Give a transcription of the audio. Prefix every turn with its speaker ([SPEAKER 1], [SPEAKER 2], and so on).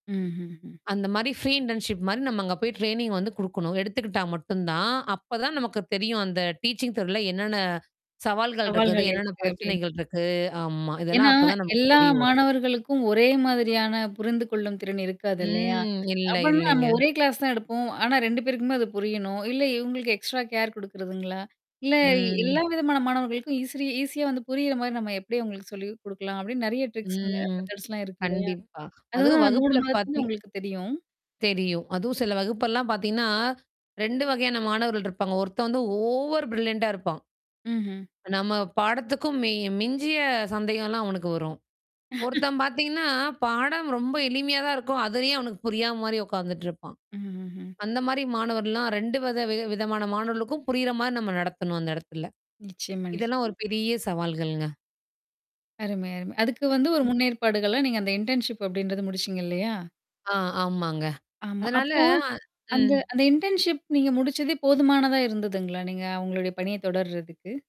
[SPEAKER 1] ம்ஹ்ம்ஹ்ம்.
[SPEAKER 2] அந்த மாரி free internship மாரி நம்ம அங்க போய் ட்ரெய்னிங் வந்து குடுக்கணும். எடுத்துக்கிட்டா மட்டும் தான், அப்ப தான் நமக்கு தெரியும். அந்த டீச்சிங் துறையில என்னென்ன சவால்கள் இருக்குது.
[SPEAKER 1] சவால்கள்
[SPEAKER 2] என்னென்ன
[SPEAKER 1] இருக்கு அப்டின்
[SPEAKER 2] பிரச்சனைகள் இருக்கு ஆமா.
[SPEAKER 1] ஏன்னா
[SPEAKER 2] இதெல்லாம் அப்ப தான் நமக்கு
[SPEAKER 1] எல்லா
[SPEAKER 2] தெரிய வரும்.
[SPEAKER 1] மாணவர்களுக்கும் ஒரே மாதிரியான புரிந்து கொள்ளும் திறன் இருக்காது இல்லையா?
[SPEAKER 2] ம். இல்ல,
[SPEAKER 1] அப்டின்னா
[SPEAKER 2] இல்லைங்க.
[SPEAKER 1] நம்ம 1 கிளாஸ் தான் எடுப்போம். ஆனா 2 பேருக்குமே அது புரியணும். இல்ல இவங்களுக்கு எக்ஸ்ட்ரா கேர் குடுக்குறதுங்களா? இல்ல எல்லா
[SPEAKER 2] ம்.
[SPEAKER 1] விதமான மாணவர்களுக்கும் ஈஸிரி ஈஸியா வந்து புரியிற மாரி நம்ம எப்டி அவங்களுக்கு சொல்லி குடுக்கலாம் அப்டின்னு நெறைய ட்ரிக்ஸ்
[SPEAKER 2] ம்.
[SPEAKER 1] மெதர்ட்ஸ்லாம் இருக்கு இல்லையா?
[SPEAKER 2] கண்டிப்பா. அதுவும்
[SPEAKER 1] அதுதான் 3
[SPEAKER 2] வகுப்பில
[SPEAKER 1] மாதத்துல
[SPEAKER 2] பார்த்தீங்
[SPEAKER 1] உங்களுக்கு தெரியும்.
[SPEAKER 2] தெரியும். அதுவும் சில வகுப்பெல்லாம் பார்த்தீங்கன்னா 2 வகையான மாணவர்கள் இருப்பாங்க. ஒருத்தன் வந்து ஓவர் பரில்லண்டா இருப்பான்.
[SPEAKER 1] ம்ஹ்ம்.
[SPEAKER 2] நம்ம பாடத்துக்கும் மி மிஞ்சிய சந்தேகம்லாம் அவனுக்கு வரும். ஒருத்தன் பார்த்தீங்கன்னா, பாடம் ரொம்ப எளிமையா தான் இருக்கும். அதுலயே அவனுக்கு புரியாத மாரி உட்காந்துட்டு இருப்பான்.
[SPEAKER 1] ம்ஹ்ம்ஹ்ம்.
[SPEAKER 2] அந்த மாரி மாணவர்லாம் 2 வித வி விதமான மாணவர்களுக்கும் புரியிற மாரி நம்ம நடத்தணும் அந்த இடத்துல.
[SPEAKER 1] நிச்சியமா,
[SPEAKER 2] இதெல்லாம்
[SPEAKER 1] நிச்சியமா.
[SPEAKER 2] ஒரு பெரிய சவால்கள்ங்க?
[SPEAKER 1] அருமை, அருமை. அதுக்கு வந்து ஒரு முன்னேற்பாடுகளா நீங்க அந்த இன்டர்ன்ஷிப் அப்டின்றது முடிச்சீங்க இல்லையா?
[SPEAKER 2] ஆ, ஆமாங்க.
[SPEAKER 1] ஆமா.
[SPEAKER 2] அதனால
[SPEAKER 1] அப்போ அந்த
[SPEAKER 2] ம்.
[SPEAKER 1] அந்த இன்டர்ன்ஷிப் நீங்க முடிச்சதே போதுமானதா இருந்ததுங்களா? நீங்க உங்களுடைய பணிய தொடர்றதுக்கு?